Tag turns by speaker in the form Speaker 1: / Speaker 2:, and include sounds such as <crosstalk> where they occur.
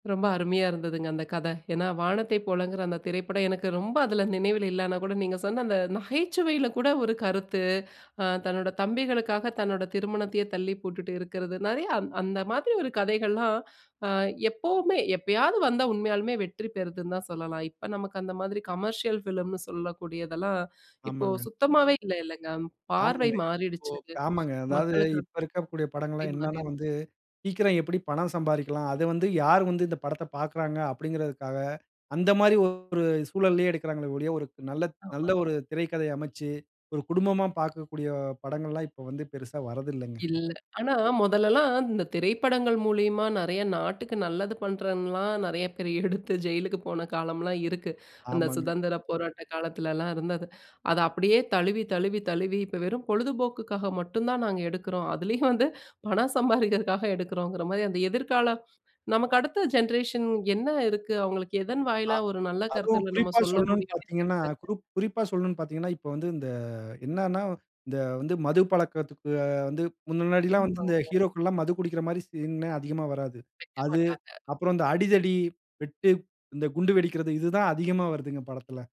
Speaker 1: ரொம்ப அருமையா இருந்ததுங்க, அந்த கத! ஏன்னா 'வானத்தை போலங்கிற' அந்த திரைப்படம் எனக்கு ரொம்ப அதில நினைவில இல்லன்னா கூட, நீங்க சொன்ன அந்த நகைச்சுவையில கூட ஒரு கருத்து! அ தன்னோட தம்பிகளுக்காக தன்னோட திருமணத்தையே தள்ளி போட்டுட்டு இருக்கிறது! நிறைய அந் அந்த மாதிரி ஒரு கதைகள்லாம், அ எப்பவுமே, எப்பயாது வந்தா உண்மையாலுமே வெற்றி பெறுதுன்னு தான் சொல்லலாம், இப்ப நமக்கு அந்த மாதிரி கமர்ஷியல் ஃபிலிம்ன்னு சொல்லக்கூடியதெல்லாம், இப்போ
Speaker 2: ஆமாங்க.
Speaker 1: சுத்தமாவே இல்ல, இல்லங்க. பார்வை
Speaker 2: ஆமாங்க. இப்போ
Speaker 1: மாறிடுச்சு!
Speaker 2: ஆமாங்க. அதாவது
Speaker 1: மக்களுக்கு
Speaker 2: இப்ப இருக்கக்கூடிய படங்கல்லாம் என்னன்னா
Speaker 1: மாறிடுச்சு.
Speaker 2: வந்து, சீக்கிரம் எப்படி பணம் சம்பாரிக்கலாம்? அத வந்து, யார் வந்து இந்த படத்த பார்க்கிறாங்க? அப்படிங்கிறதுக்காக அந்த மாதிரி ஒரு சூழல்லயே எடுக்கிறார்களே ஒழிய, ஒரு நல்ல நல்ல
Speaker 1: ஆமா.
Speaker 2: ஒரு திரைக்கதை அமைசச்சு. ஒரு குடும்பமா பார்க்கக்கூடிய படங்கல்லாம் இப்ப வந்து பெரிசா வரதில்லங்க.
Speaker 1: இல்ல. ஆனா முதல்லலாம் இந்த திரைப்படங்கள் மூலியமா நிறைய நாட்டுக்கு நல்லது பண்ணுறன்லாம், நிறைய பேர் எடுத்து, ஜெயிலுக்கு போன காலம்லாம் இருக்கு. அந்த
Speaker 2: ஆமாங்க.
Speaker 1: சுதந்திரப் போராட்ட காலத்துலலாம் இருந்தது, அத அப்படியே தழுவி, தழுவி, தழுவி இப்ப வெறும் பொழுதுபோக்குக்காக மட்டும் தான் நாங்க எடுக்கிறோம்! அதிலயும் வந்து, பணம் சம்பாதிக்கிறதுக்காக எடுக்கறோங்கிற மாரி அந்த எதிர்கால நமக்கு அடுத்த ஜென்ரேஷன் என்ன இருக்கு அவங்களுக்கு? எதன்
Speaker 2: அ
Speaker 1: வாயிலா ஒரு நல்ல
Speaker 2: அதுவும்
Speaker 1: கருத்து நம்ம
Speaker 2: குறிப்பா
Speaker 1: சொல்ல
Speaker 2: சொல்லணும்ன்னு
Speaker 1: முடியும்னே
Speaker 2: பார்த்தீங்கன்னா,
Speaker 1: தெரிலங்க.
Speaker 2: குருப் குறிப்பா சொல்லணும்ன்னு பார்த்தீங்கன்னா, இப்ப வந்து இந்த என்னன்னா இந்த வந்து மது பழக்கத்துக்கு வந்து முன்னாடிலாம் வந்து இந்த
Speaker 1: <unintelligible>
Speaker 2: ஹீரோக்கள் எல்லாம் மது குடிக்கிற மாரி சீன் அதிகமா வராது.
Speaker 1: வெக்க
Speaker 2: அது,
Speaker 1: மாட்டாங்க.
Speaker 2: அப்புறம் இந்த 'அடிதடி, வெட்டு, இந்த குண்டு வெடிக்கிறது' இதுதான் அதிகமா வருதுங்க, படத்தில.